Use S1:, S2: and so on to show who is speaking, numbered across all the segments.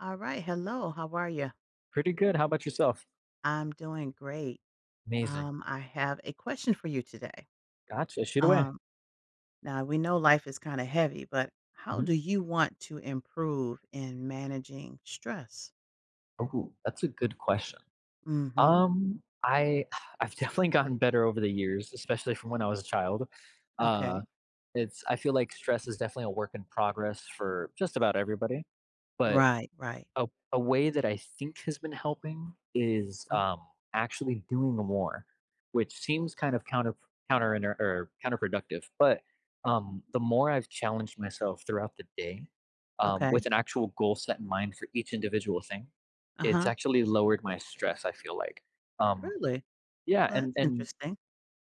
S1: All right, hello. How are you?
S2: Pretty good. How about yourself?
S1: I'm doing great.
S2: Amazing.
S1: Um, I have a question for you today.
S2: Gotcha, shoot away.
S1: Um, now, we know life is kinda heavy, but how
S2: Mhm.
S1: do you want to improve in managing stress?
S2: Ooh, that's a good question.
S1: Mhm.
S2: Um, I I've definitely gotten better over the years, especially from when I was a child. Uh,
S1: Okay.
S2: it's I feel like stress is definitely a work in progress for just about everybody, but
S1: Right, right.
S2: a a way that I think has been helping is,
S1: Mm.
S2: um, actually doing more, which seems kind of counterp counterinter uh, counterproductive, but, um, the more I've challenged myself throughout the day, um,
S1: Okay.
S2: with an actual goal set in mind for each individual thing, it's
S1: Uh-huh.
S2: actually lowered my stress, I feel like. Um,
S1: Really?
S2: yeah,
S1: Well,
S2: and
S1: that's
S2: and
S1: interesting.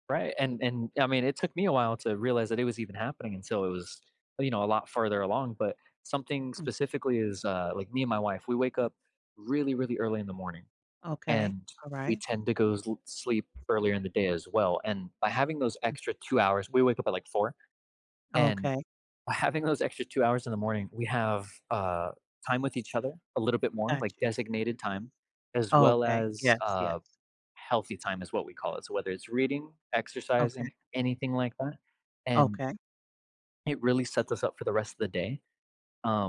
S2: right, and and, I mean, it took me a while to realize that it was even happening until it was, you know, a lot further along, but something
S1: Mm.
S2: specifically is, uh, like, me and my wife, we wake up really, really early in the morning,
S1: Okay,
S2: and we
S1: alright.
S2: tend to go la sleep earlier in the day as well. And by having those
S1: Mm.
S2: extra 2 hours, we wake up at, like, 04:00, and
S1: Okay.
S2: by having those extra 2 hours in the morning, we have, uh, time with each other a little bit more,
S1: Got
S2: like,
S1: you.
S2: designated time as well
S1: Okay.
S2: as,
S1: Yes. Yes.
S2: uh, "healthy time," is what we call it. So, whether it's reading,
S1: Okay.
S2: exercising, anything like that, and
S1: Okay.
S2: it really sets us up for the rest of the day.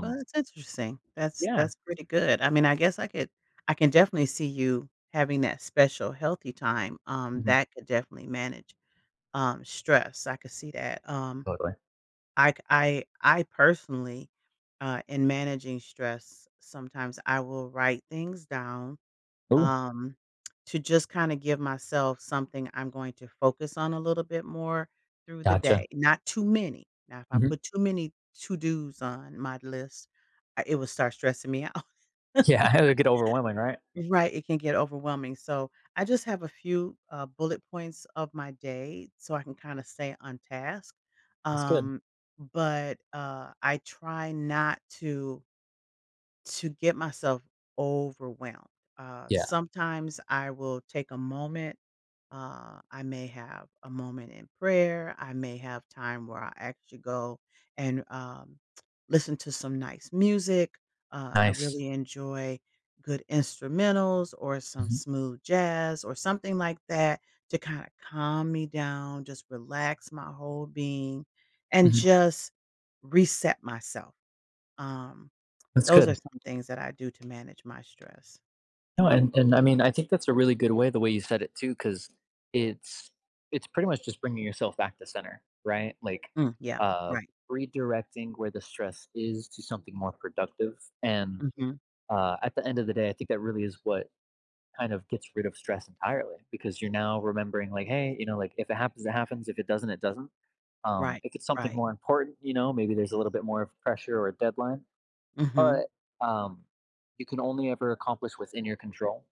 S1: Well, that's interesting. That's
S2: Yeah.
S1: that's pretty good. I mean, I guess I could I can definitely see you having that special healthy time, um,
S2: Mhm.
S1: that could definitely manage, um, stress. I could see that. Um,
S2: Totally.
S1: I ca I I personally, uh, in managing stress, sometimes I will write things down,
S2: Ooh.
S1: um, to just kinda give myself something I'm going to focus on a little bit more through the
S2: Gotcha.
S1: day, not too many. Now, if I
S2: Mhm.
S1: put too many to-dos on my list I it will start stressing me out.
S2: Yeah, it would get overwhelming, right?
S1: Right, it can get overwhelming. So, I just have a few, uh, bullet points of my day, so I can kinda stay on task,
S2: That's good.
S1: um, but, uh, I try not to to get myself overwhelmed. Uh,
S2: Yeah.
S1: sometimes I will take a moment, uh, I may have a moment in prayer, I may have time where I actually go and, um, listen to some nice music, uh, I
S2: Nice.
S1: really enjoy good instrumentals or some
S2: Mhm.
S1: smooth jazz or something like that to kinda calm me down, just relax my whole being, and
S2: Mhm.
S1: just reset myself. Um,
S2: That's
S1: those are
S2: good.
S1: some things that I do to manage my stress.
S2: No, and and, I mean, I think that's a really good way the way you said it too, 'cause it's it's pretty much just bringing yourself back to center right? Like,
S1: Mm, yeah.
S2: uh,
S1: Right.
S2: redirecting where the stress is to something more productive. And,
S1: Mhm.
S2: uh, at the end of the day, I think that really is what kind of gets rid of stress entirely because you're now remembering, like, "Hey," you know, like, "If it happens, it happens. If it doesn't, it doesn't." Um,
S1: Right,
S2: If it's something
S1: right.
S2: more important, you know, maybe there's a little bit more of pressure or a deadline.
S1: Mhm.
S2: But, um You can only ever accomplish what's in your control.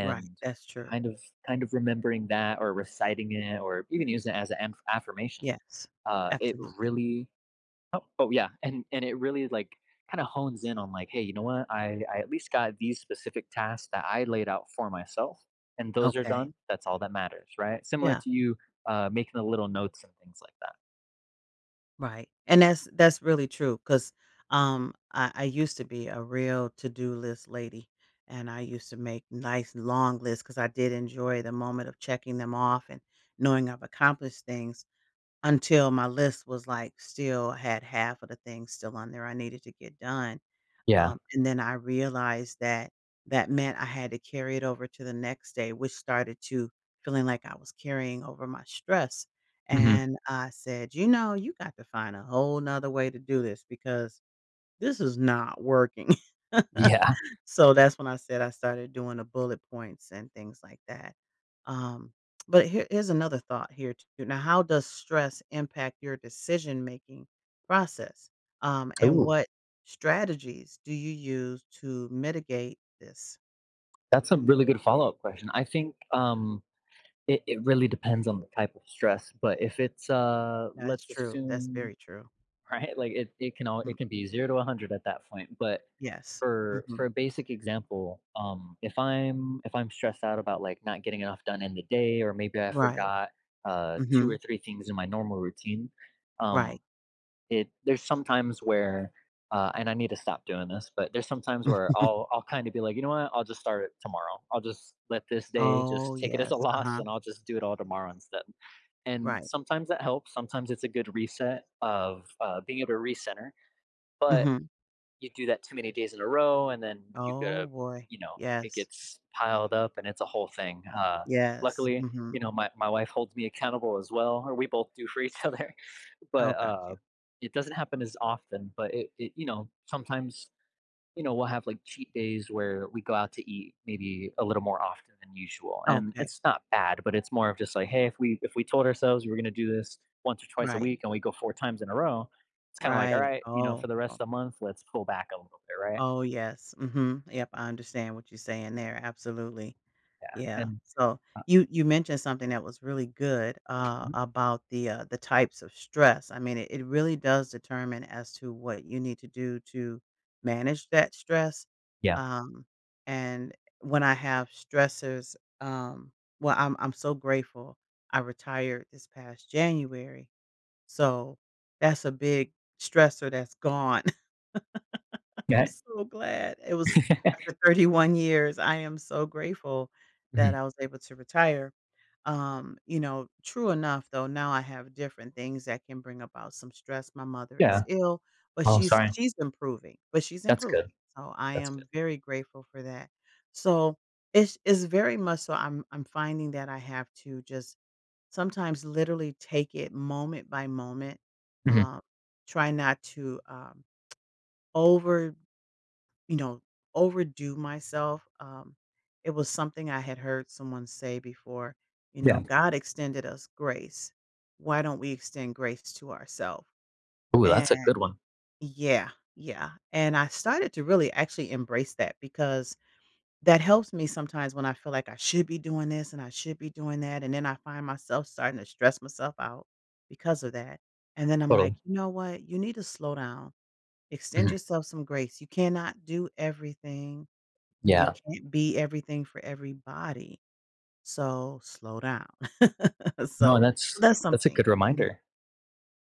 S1: Right. That's true.
S2: kind of kind of remembering that or reciting it or even use it as a an-affirmation.
S1: Yes.
S2: Uh, it
S1: Absolutely.
S2: really Oh oh, yeah, and and it really, like, kinda hones in on, like, "Hey, you know what? I I at least got these specific tasks that I laid out for myself, and those are
S1: Okay.
S2: done. That's all that matters." Right? Similar
S1: Yeah.
S2: to you, uh, making the little notes and things like that.
S1: Right. And that's that's really true 'cause, um, I I used to be a real to-do list lady, and I used to make nice long lists 'cause I did enjoy the moment of checking them off and knowing I've accomplished things until my list was, like still had half of the things still on there I needed to get done.
S2: Yeah.
S1: Um, and then I realized that, that meant I had to carry it over to the next day which started to feeling like I was carrying over my stress.
S2: Mhm.
S1: And I said, "You know, you got to find a whole other way to do this because this is not working."
S2: Yeah.
S1: So, that's when I said I started doing the bullet points and things like that. Um, but here here's another thought here t now how does stress impact your decision-making process? Um, and
S2: Ooh.
S1: what strategies do you use to mitigate this?
S2: That's a really good follow-up question, I think, um, it it really depends on the type of stress, but if it's, uh
S1: That's
S2: let's
S1: true, that's
S2: assume
S1: very true.
S2: right? Like, it it can all it
S1: Mm
S2: can be 0 to 100 at that point, but
S1: Yes,
S2: for for
S1: mhm.
S2: a basic example, um, if I'm if I'm stressed out about, like, not getting enough done in the day or maybe I
S1: Right.
S2: forgot, uh, 2 or
S1: Mhm.
S2: 3 things in my normal routine, um,
S1: Right.
S2: it there's sometimes where, uh and I need to stop doing this, but there's sometimes where I'll I'll, kinda be, like, "You know what? I'll just start it tomorrow, I'll just let this day
S1: Oh,
S2: just take it as a
S1: yes,
S2: loss,
S1: uh-huh.
S2: and I'll just do it all tomorrow instead." And,
S1: Right.
S2: sometimes that helps, sometimes it's a good reset of, uh, being able to recenter. But,
S1: Mhm.
S2: you do that too many days in a row, and then you
S1: Oh,
S2: give
S1: boy,
S2: you know, it
S1: yes.
S2: gets piled up, and it's a whole thing, uh,
S1: Yes,
S2: luckily, you
S1: mhm.
S2: know, my my wife holds me accountable, as well or, we both do for each other,
S1: Oh,
S2: but,
S1: got you.
S2: uh, it doesn't happen as often, but it it you know, sometimes, you know, we'll have, like, cheat days where we go out to eat maybe a little more often than usual, and
S1: Okay.
S2: it's not bad, but it's more of just like, "Hey, if we if we told ourselves we're gonna do this once or twice a
S1: Right.
S2: week and we go 4 times in a row" it's, kinda like,
S1: Right
S2: "Alright," you know, "for
S1: oh,
S2: the rest of
S1: oh
S2: the month, let's pull back a little bit," right?
S1: Oh, yes, mhm, yep, I understand what you're saying there, absolutely.
S2: Yeah,
S1: Yeah,
S2: and
S1: so,
S2: uh
S1: you you mentioned something that was really good, uh,
S2: Mhm.
S1: about the, uh the types of stress, I mean it it really does determine as to what you need to do to manage that stress,
S2: Yeah.
S1: um, and when I have stressors, um well, I'm I'm so grateful, I retired this past January, so that's a big stressor that's gone. I'm
S2: Yeah
S1: so glad, it was
S2: i
S1: after 31 years, I am so grateful that
S2: Mhm.
S1: I was able to retire, um, you know, true enough, though, now I have different things that can bring about some stress my mother is
S2: Yeah.
S1: ill, but
S2: Oh,
S1: she's
S2: sorry.
S1: she's improving but she's
S2: That's
S1: improving,
S2: good.
S1: so I
S2: That's good.
S1: am very grateful for that, so it's it's very much so, I'm-I'm finding that I have to just, sometimes, literally, take it moment by moment,
S2: Mhm.
S1: uh, try not to, um, over you know, overdo myself, um, it was something I had heard someone say before, you
S2: Yeah.
S1: know, "God extended us grace. Why don't we extend grace to ourself?"
S2: Ooh,
S1: And
S2: that's a good one.
S1: Yeah, yeah, and I started to really, actually, embrace that because that helps me sometimes when I feel like I should be doing this and I should be doing that, and then I find myself starting to stress myself out, because of that, and then I'm like,
S2: Ooh.
S1: "You know what? You need to slow down. Extend
S2: Mhm.
S1: yourself some grace, you cannot do everything. You
S2: Yeah.
S1: can't be everything for everybody. So, slow down."
S2: No,
S1: So,
S2: that's
S1: that's
S2: that's a
S1: something
S2: good
S1: mhm.
S2: reminder.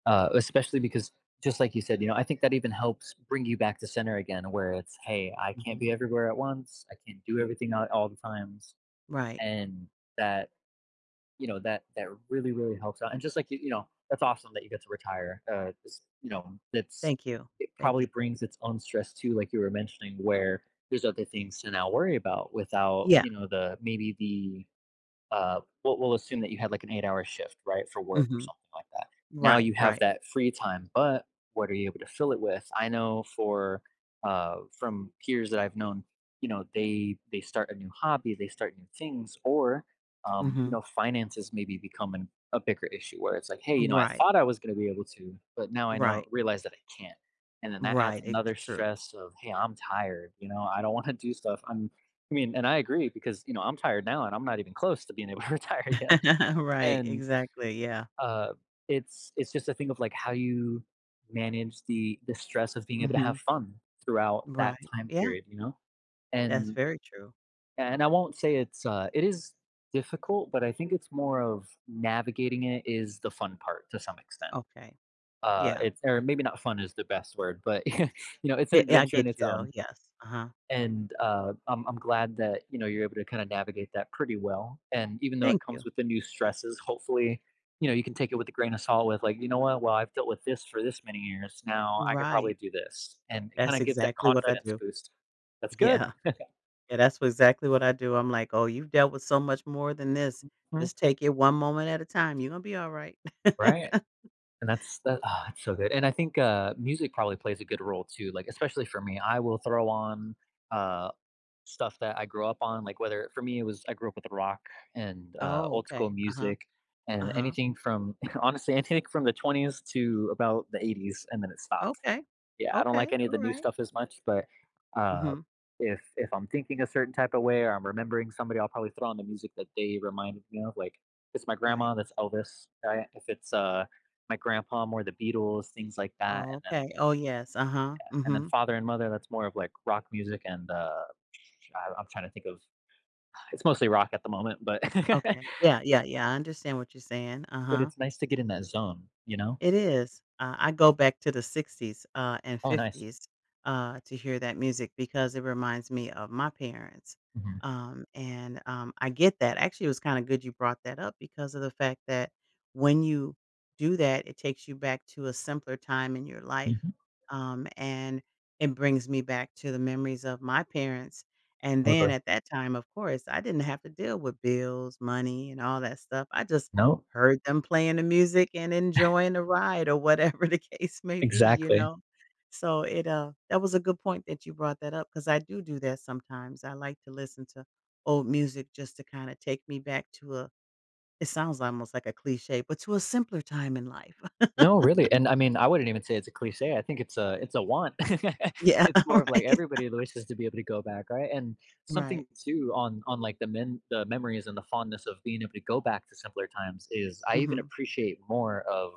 S2: Uh, especially because just like you said, you know, I think that even helps bring you back to center again, where it's, "Hey, I can't
S1: Mhm.
S2: be everywhere at once, I can't do everything at all the times."
S1: Right.
S2: And, that you know, that that really, really helps out, and just, like, you you know, that's awesome that you get to retire, uh, just you know, it's
S1: Thank you,
S2: it
S1: thank
S2: probably
S1: you.
S2: brings its own stress too- like you were mentioning- where there's other things to now worry about without,
S1: Yeah.
S2: you know, the maybe the, uh we'll we'll assume that you had, like, an eight-hour shift, right? For work or
S1: Mhm.
S2: something like that, now
S1: Right,
S2: you have
S1: right.
S2: that free time, but what are you able to fill it with? I know for, uh from peers that I've known, you know, they they start a new hobby, they start new things, or, um, you
S1: Mhm.
S2: know, finances maybe become an a bigger issue where it's like, "Hey" you know, "I
S1: Right.
S2: thought I was gonna be able to, but now I
S1: Right.
S2: know realize that I can't." And then, that adds
S1: Right, it's
S2: another
S1: true.
S2: stress of, "Hey, I'm tired," you know? "I don't wanna do stuff, I'm" I mean, and I agree because, you know, I'm tired now, and I'm not even close to being able to retire yet.
S1: Right,
S2: And,
S1: exactly, yeah.
S2: uh, it's it's just a thing of, like, how you manage the the stress of being able to have
S1: Mhm.
S2: fun throughout that
S1: Right
S2: time
S1: yeah.
S2: period, you know?
S1: That's
S2: And
S1: very true.
S2: and I won't say it's, uh it is difficult, but I think it's more of navigating it is the fun part, to some extent.
S1: Okay.
S2: Uh,
S1: Yeah.
S2: it's or maybe not fun is the best word, but, you know, it's an
S1: It yeah, I
S2: adventure in
S1: get
S2: its
S1: you, though
S2: own.
S1: yes, uh-huh.
S2: And, uh, I'm I'm glad that, you know, you're able to, kinda navigate that pretty well, and even though it
S1: Thank
S2: comes
S1: you.
S2: with the new stresses, hopefully, you know, you can take it with a grain of salt with, like, "You know what? Well, I've dealt with 'this' for 'this' many years, now I can probably
S1: Right.
S2: do this." And it, kinda
S1: That's
S2: gives that
S1: exactly what I
S2: confidence
S1: do.
S2: boost that's good!
S1: Yeah. Yeah, that's wha exactly what I do, I'm like, "Oh, you've dealt with so much more than this,
S2: Mhm.
S1: just take it one moment at a time, you gon' be alright."
S2: Right. And that's that that's so good, and I think, uh, music probably plays a good role too, like, especially for me, I will throw on, uh, stuff that I grew up on, like, whether for me, it was I grew up with rock and, uh,
S1: Oh,
S2: old-school
S1: okay, uh-huh.
S2: music and
S1: Uh-huh.
S2: anything from honestly, anything from the 20s, to about the 80s, and then it stopped.
S1: Okay.
S2: Yeah, I don't like
S1: Okay,
S2: any of the new
S1: alright.
S2: stuff as much, but, uh,
S1: Mhm.
S2: if if I'm thinking a certain type of way or I'm remembering somebody, I'll probably throw on the music that they reminded me of, like, it's my
S1: Right.
S2: grandma, that's Elvis, right? If it's, uh, my grandpa, more the Beatles things like that,
S1: Oh
S2: and then
S1: okay oh, yes, uh-huh,
S2: Yeah, and then
S1: mhm.
S2: father and mother, that's more of, like, rock music, and, uh, ch I I'm trying to think of it's mostly rock at the moment, but
S1: Okay yeah, yeah, yeah, I understand what you're saying,
S2: But,
S1: uh-huh.
S2: it's nice to get in that zone, you know?
S1: It is, uh, I go back to the 60s, uh, and
S2: Oh, nice.
S1: 50s, uh, to hear that music because it reminds me of my parents,
S2: Mhm.
S1: um, and um, I get that actually, it was kinda good you brought that up because of the fact that when you do that, it takes you back to a simpler time in your life,
S2: Mhm.
S1: um, and it brings me back to the memories of my parents, and then
S2: Okay.
S1: at that time, of course, I didn't have to deal with bills, money, and all that stuff, I just
S2: No.
S1: heard them playing the music and enjoying the ride, or whatever the case may be, you
S2: Exactly.
S1: know? So, it, uh that was a good point that you brought that up 'cause I do do that sometimes, I like listen to old music just to, kinda take me back to a it sounds almost like a cliche, but to a simpler time in life.
S2: No, really, and, I mean, I wouldn't even say it's a cliche, I think it's a it's a want.
S1: Yeah,
S2: It's more of, like,
S1: right.
S2: everybody always has to be able to go back, right? And,
S1: Right.
S2: something too on on, like, the men the memories and the fondness of being able to go back to simpler times is, I even
S1: Mhm.
S2: appreciate more of-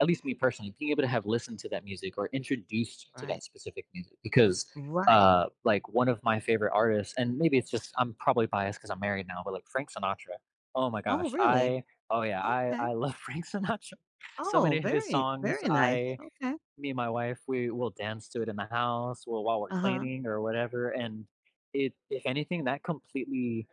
S2: at least, me, personally- being able to have listened to that music or introduced to
S1: Right.
S2: that specific music because,
S1: Right.
S2: uh, like, one of my favorite artists and, maybe it's just I'm probably biased 'cause I'm married now, but, like, Frank Sinatra oh my
S1: Oh,
S2: gosh,
S1: really?
S2: I oh, yeah, I
S1: Okay.
S2: I love Frank Sinatra. So
S1: Oh,
S2: many of his
S1: very
S2: songs,
S1: very nice,
S2: I
S1: okay.
S2: me and my wife, we will dance to it in the house, we'll while we're
S1: Uh-huh.
S2: cleaning or whatever, and it if anything, that completely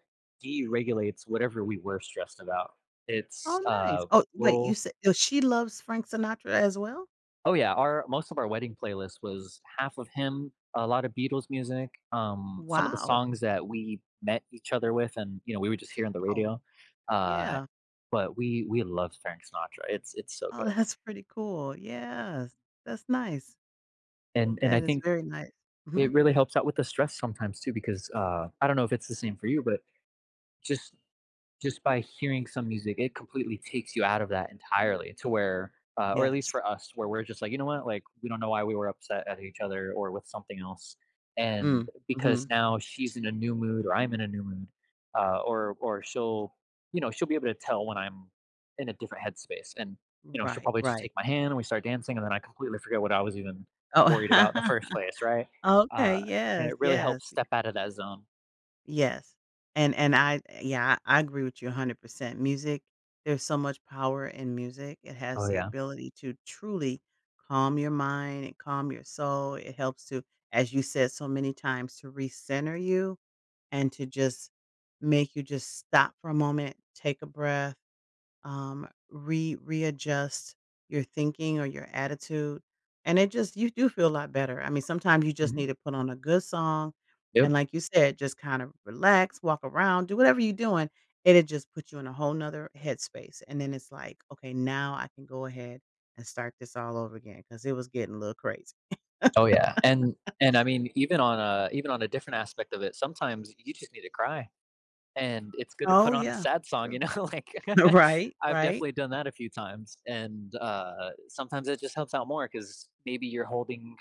S2: deregulates whatever we were stressed about, it's,
S1: Oh, nice
S2: uh,
S1: oh, wait, you
S2: we'll
S1: said so, she loves Frank Sinatra, as well?
S2: Oh, yeah, our most of our wedding playlist was half of him, a lot of Beatles music, um, some of the
S1: Wow.
S2: songs that we met each other with, and, you know, we would just hear on the
S1: Oh.
S2: radio, uh,
S1: Yeah.
S2: but we we love Frank Sinatra, it's it's so
S1: Oh,
S2: good.
S1: that's pretty cool, yes, that's nice.
S2: And and, I
S1: That is
S2: think
S1: very nice
S2: it
S1: mhm.
S2: really helps out with the stress sometimes too, because, uh I don't know if it's the same for you, but just just by hearing some music, it completely takes you out of that entirely to where, uh or, at least
S1: Yes.
S2: for us, where we're just like, "You know what?" Like, "We don't know why we were upset at each other or with something else." And
S1: Mm,
S2: because
S1: mhm.
S2: now she's in a new mood or I'm in a new mood, uh or or she'll you know, she'll be able to tell when I'm in a different headspace, and, you know, she'll
S1: Right.
S2: probably just
S1: Right.
S2: take my hand, and we start dancing, and then I completely forget what I was even
S1: Oh
S2: worried about in the first place, right?
S1: Oh, okay,
S2: Uh, and
S1: yes,
S2: it really
S1: yes,
S2: helps step
S1: becau
S2: out of that zone.
S1: Yes. And and I eh yeah, I agree with you 100%. Music there's so much power in music, it has
S2: Oh,
S1: the
S2: yeah.
S1: ability to truly calm your mind and calm your soul, it helps to as you said so many times to recenter you and to just make you just stop for a moment, take a breath, um, re readjust your thinking or your attitude. And it just you do feel lot better, I mean, sometimes you just
S2: Mhm.
S1: need to put on a good song and
S2: Yep.
S1: like you said, just kind of relax, walk around, do whatever you're doing, and it just puts you in a whole another headspace, and then it's, like, "Okay now I can go ahead and start this all over again 'cause it was getting little crazy."
S2: Oh yeah. And and I mean, even on a even on a different aspect of it, sometimes you just need to cry. And it's good to
S1: Oh
S2: put on a
S1: yeah,
S2: sad song,
S1: true.
S2: you know? Like
S1: Right,
S2: I've
S1: right.
S2: definitely done that a few times. And uh, uh, sometimes it just helps out more 'cause maybe you're holding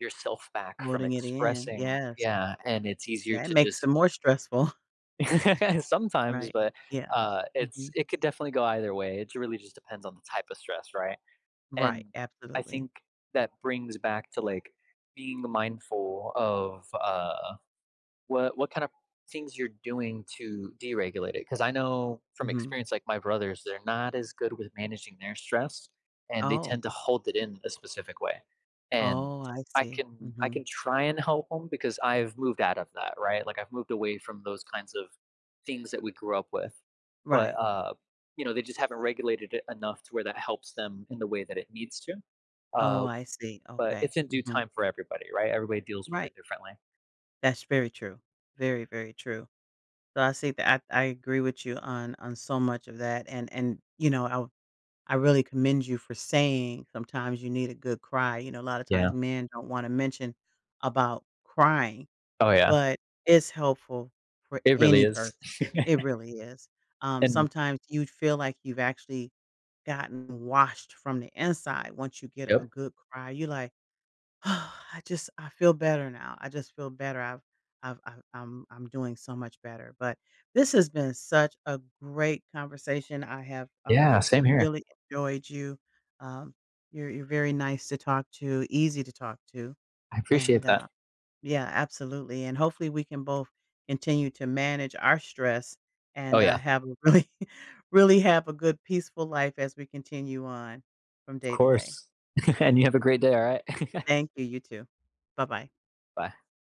S2: yourself back from
S1: Loading it in,
S2: expressing
S1: yes.
S2: Yeah. And it's easier
S1: That
S2: to
S1: makes
S2: just
S1: them more stressful.
S2: Sometimes,
S1: Right.
S2: but,
S1: Yeah.
S2: uh, it's
S1: Mhm.
S2: it could definitely go either way, it really just depends on the type of stress, right?
S1: Right.
S2: And, I
S1: Absolutely.
S2: think that brings back to, like, being mindful of uh What what kinda things you're doing to deregulate it? 'Cause I know from
S1: Mhm.
S2: experience like my brothers, they're not as good with managing their stress, and they
S1: Oh.
S2: tend to hold it in a specific way. And
S1: Oh, I
S2: I
S1: see.
S2: can I
S1: Mhm.
S2: can try and help 'em because I've moved out of that, right? Like, I've moved away from those kinds of things that we grew up with. But
S1: Right.
S2: uh you know, they just haven't regulated it enough to where that helps them in the way that it needs to.
S1: Oh,
S2: Uh,
S1: I see.
S2: but
S1: Okay.
S2: it's in due
S1: Mhm.
S2: time for everybody, right? Everybody deals with
S1: Right.
S2: it differently.
S1: That's very true. Very, very true. So, I see that I I agree with you on on so much of that and and you know I w I really commend you for saying sometimes you need a good cry, you know a lotta times
S2: Yeah.
S1: men don't wanna mention about crying,
S2: Oh, yeah.
S1: but it's helpful for
S2: It really
S1: any person,
S2: is.
S1: it really is. Um,
S2: And
S1: sometimes you'd feel like you've actually gotten washed from the inside once you get a
S2: Yep.
S1: good cry, you're like, "I just I feel better now, I just feel better, I've I've I've I'm I'm doing so much better." But, this has been such a great conversation, I have
S2: Yeah,
S1: um,
S2: same here.
S1: really enjoyed you. Um, you're you're very nice to talk to, easy to talk to
S2: I appreciate
S1: and
S2: that.
S1: uh Yeah absolutely, and hopefully we can both continue to manage our stress
S2: Oh,
S1: and, uh,
S2: yeah.
S1: have a really really have a good peaceful life as we continue on from
S2: Of
S1: day to day.
S2: course. And you have a great day, alright?
S1: Thank you, you too. Bye-bye.
S2: Bye.